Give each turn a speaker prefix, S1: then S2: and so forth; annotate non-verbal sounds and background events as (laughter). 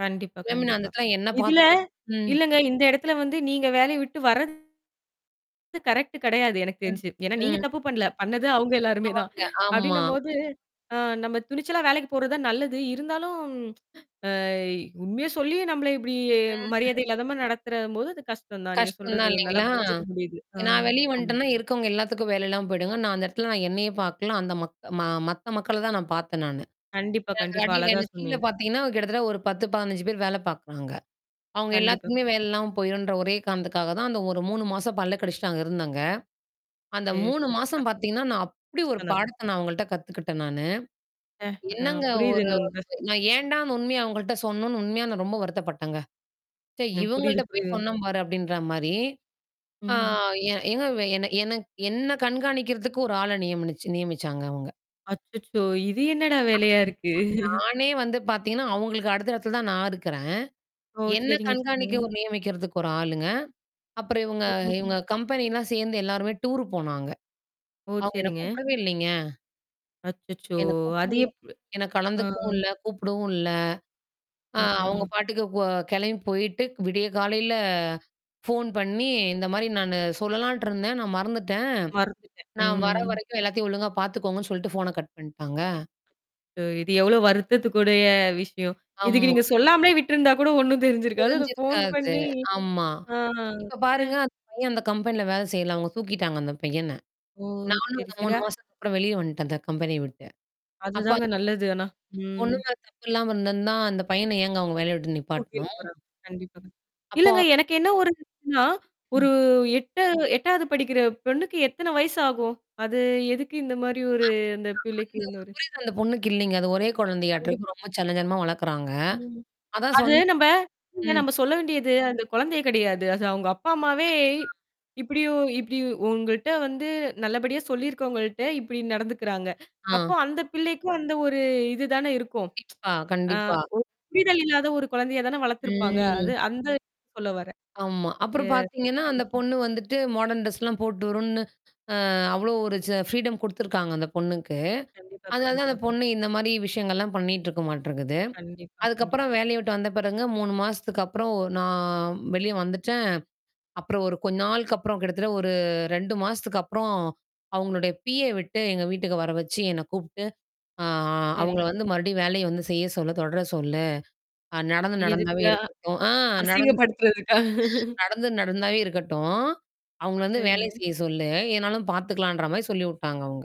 S1: கண்டிப்பா,
S2: மேம் நான் அந்த
S1: கண்டிப்பா.
S2: இடத்துல என்ன
S1: இதுல
S2: பாத்தோம் ம்.
S1: இல்லைங்க இந்த இடத்துல வந்து நீங்க வேலையை விட்டு வர்றது கரெக்ட் கிடையாது எனக்கு
S2: ம்,
S1: தெரிஞ்சு. ஏன்னா நீங்க
S2: ம்.
S1: தப்பு பண்ணல, பண்ணது அவங்க எல்லாருமே தான்.
S2: அவங்க ஆமா.
S1: அப்படின்னும்போது, ஆ. நம்ம துணிச்சலா வேலைக்கு போறது தான் நல்லது. இருந்தாலும் ஆ, உண்மைய சொல்லி நம்மள இப்படி
S2: ம்.
S1: மரியாதை இல்லாதமா நடத்துற போது அது கஷ்டம் தான், நீங்க
S2: கஷ்டம்
S1: சொல்றது
S2: தான்
S1: நல்லா
S2: இல்லைங்களா,
S1: புரிஞ்சுக்க முடியுது. ஆ,
S2: ஏன்னா நான் வெளிய
S1: ஆமா.
S2: வந்துட்டேன்னா இருக்கறவங்க எல்லாத்துக்கும் வேலை எல்லாம் போயிடுங்க. நான் அந்த இடத்துல நான் என்னையே பாக்கல, அந்த மக் மத்த மக்களை தான் நான் பாத்தேன் நானு.
S1: கண்டிப்பா,
S2: ஏன்னா,
S1: கண்டிப்பா
S2: கடையில
S1: அழகா
S2: ஏன்னா, கீழ
S1: சொன்னீங்க.
S2: பாத்தீங்கன்னா கிட்டத்தட்ட ஒரு 10, 15 பேர் வேலை பாக்குறாங்க. அவங்க
S1: கண்டிப்பா.
S2: எல்லாத்துக்குமே வேலை இல்லாம போயிரும்ன்ற ஒரே காரணத்துக்காக தான் அந்த ஒரு 3 மாசம் பல்ல கடிச்சிட்டு அங்க இருந்தேங்க. அந்த
S1: சேரி,
S2: 3
S1: சேரி. ஆ,
S2: மாசம் பாத்தீங்கன்னா, நான் அப்படி ஒரு
S1: கஷ்டம் தாங்க.
S2: பாடத்த நான் அவங்கள்ட்ட கத்துக்கிட்டேன் நானு.
S1: அ, ஆ,
S2: என்னங்க ஒரு
S1: புரியுதுங்க உங்க கஷ்டம்.
S2: நான் ஏன்டா அந்த உண்மைய அவங்கள்ட்ட சொன்னோம்னு உண்மையா நான் ரொம்ப வருத்தப்பட்டேங்க. சே,
S1: எனக்கு புரியுது,
S2: இவங்கள்ட்ட போய்
S1: புரியுது.
S2: சொன்னேன் பாரு அப்படின்ற மாரி.
S1: ம்.
S2: ஆ,
S1: ம்.
S2: ஏங்க என்ன என்ன கண்காணிக்கிறதுக்கு ஒரு ஆள நியமினி நியமிச்சாங்க அவங்க.
S1: அச்சச்சோ! இது என்னடா வேலையா இருக்கு. (chuckles)
S2: நானே வந்து பாத்தீங்கன்னா அவங்களுக்கு அடுத்த இடத்துல தான் நான் இருக்கறேன்,
S1: ஓ!
S2: என்ன
S1: செரிங்க,
S2: கண்காணிக்க
S1: செரிங்க.
S2: ஒரு நியமிக்க 1 ஆளுங்க. அப்புறம் இவங்க
S1: ஓ! ஓ!
S2: இவங்க கம்பெனிலாம் சேர்ந்து எல்லாருமே டூர் போனாங்க.
S1: ஓ!
S2: அவங்க என்ன
S1: செரிங்க.
S2: கூப்பிடவே இல்லைங்க.
S1: அச்சச்சோ!
S2: என்ன
S1: அது
S2: கூப்பிடவும்
S1: எப்
S2: என்ன
S1: ஆ.
S2: கலந்துக்கவும் இல்ல, கூப்பிடவும் இல்ல. ஆ
S1: ஆ, ஆஹ.
S2: அவங்க பாட்டுக்கு போ கிளம்பி போயிட்டு விடிய காலையில போன் பண்ணி இந்த மாதிரி நான் சொல்லலான்ட்டு இருந்தேன் நான் மறந்துட்டேன்,
S1: மறந்துட்டேன்.
S2: நான் வர
S1: ம்.
S2: வரைக்கும் எல்லாத்தையும் ஒழுங்கா பாத்துக்கோங்கன்னு சொல்லிட்டு போன கட் பண்ணிட்டாங்க.
S1: இது எவ்ளோ வருத்தத்துக்கு உடைய விஷயம். இதுக்கு
S2: ஆமா.
S1: நீங்க சொல்லாமலே விட்ருந்தா கூட ஒண்ணும் தெரிஞ்சிருக்காது அது போன்
S2: தெரிஞ்சிருக்காது,
S1: பண்ணி
S2: ஆமா.
S1: ஆ.
S2: இப்ப
S1: சே.
S2: பாருங்க, அந்த பையன் அந்த கம்பெனில வேலை செய்யல, அவங்க தூக்கிட்டாங்க அந்த பையன.
S1: ஓ!
S2: நானும்
S1: சரி,
S2: அந்த
S1: சரி.
S2: 3
S1: ஆ.
S2: மாசத்துக்கு அப்புறம் வெளிய வந்துட்டேன் அந்த கம்பெனிய விட்டு.
S1: அது
S2: அப்ப
S1: தாங்க
S2: அந்த
S1: நல்லது ஆனா. ம்.
S2: பொண்ணுமேல தப்பு இல்லாம இருந்திருந்தா, அந்த பையன ஏங்க அவங்க வேலைய விட்டு நிப்பாட்டணும்?
S1: (unintelligible) கண்டிப்பா. இல்லைங்க
S2: அப்போ
S1: எனக்கு என்ன ஒரு இதுன்னா, ஒரு
S2: ம்.
S1: 8 8வது படிக்கிற பொண்ணுக்கு எத்தன வயசு ஆகும்? அது எதுக்கு இந்த மாரி ஒரு
S2: ஆமா.
S1: அந்த
S2: ஆ
S1: பிள்ளைக்கு
S2: அந்த ஒரு
S1: இன்னொரு
S2: புரிதல் அந்த பொண்ணுக்கு இல்லைங்க. அது ஒரே குழந்தையாட்றக்கு
S1: கண்டிப்பா.
S2: ரொம்ப செல்லஞ்செல்லமா வளக்குறாங்க.
S1: ம்.
S2: அதான்
S1: அது
S2: சொன்
S1: நம்ம
S2: ம்.
S1: இல்ல சொல்ல வேண்டியது அந்த குழந்தைய கிடையாது. அது அவங்க அப்பா அம்மாவே
S2: ஆ.
S1: இப்படி இப்டி உங்கள்ட்ட வந்து நல்லபடியா சொல்லிருக்கவங்ககிட்ட இப்டி நடந்துக்கிறாங்க.
S2: ஆ.
S1: அப்போ அந்த பிள்ளைக்கும் அந்த ஒரு இது தான இருக்கும்?
S2: கண்டிப்பா,
S1: ஆ,
S2: கண்டிப்பா.
S1: ஒரு புரிதல் இல்லாத ஒரு குழந்தையா தான வளர்த்திருப்பாங்க, அது
S2: ம்.
S1: அந்த இத சொல்ல வரேன்.
S2: ஆமா.
S1: ஆ,
S2: அப்புறம் பார்த்திங்கன்னா
S1: அ.
S2: அந்த பொண்ணு வந்துட்டு மாடர்ன் ட்ரெஸ்லாம் போட்டு வருன்னு, ஆ அவ்ளோ ஒரு ஃப்ரீடம் கொடுத்துருக்காங்க அந்த பொண்ணுக்கு.
S1: கண்டிப்பா,
S2: அதனால தான்
S1: கண்டிப்பா.
S2: அந்த பொண்ணு இந்த மாதிரி விஷயங்கள்லாம் பண்ணிட்டு இருக்க மாட்றகது.
S1: கண்டிப்பா, கண்டிப்பா.
S2: அதுக்கப்புறம் வேலையை விட்டு வந்த பிறகுங்க 3 மாசத்துக்கு அப்புறம் நான் வெளிய வந்துட்டேன். அப்புறம் ஒரு கொஞ்ச நாளுக்கு அப்புறம் கிட்டத்தட்ட ஒரு 2 மாசத்துக்கு அப்புறம் அவங்களுடைய பிஏ விட்டு எங்கள் வீட்டுக்கு வர வச்சு என்னை கூப்பிட்டு, ஆ அவங்கள
S1: சரிங்க.
S2: வந்து மறுபடியும் வேலையை வந்து செய்ய சொல்ல தொடர சொல்லு நடந்து
S1: எதுக்கு
S2: நடந்தாவே
S1: ஆ,
S2: இருக்கட்டும். ஆ, நடந்து (unintelligible) ஆ
S1: அசிங்கப்படுத்துறதுக்கா.
S2: நடந்து நடந்தாவே இருக்கட்டும், அவங்கள வந்து வேலைய
S1: சரிங்க.
S2: செய்ய சொல்லு, எதா இருந்தாலும் பாத்துக்கலாம்ன்ற மாதிரி சொல்லி விட்டாங்க அவங்க.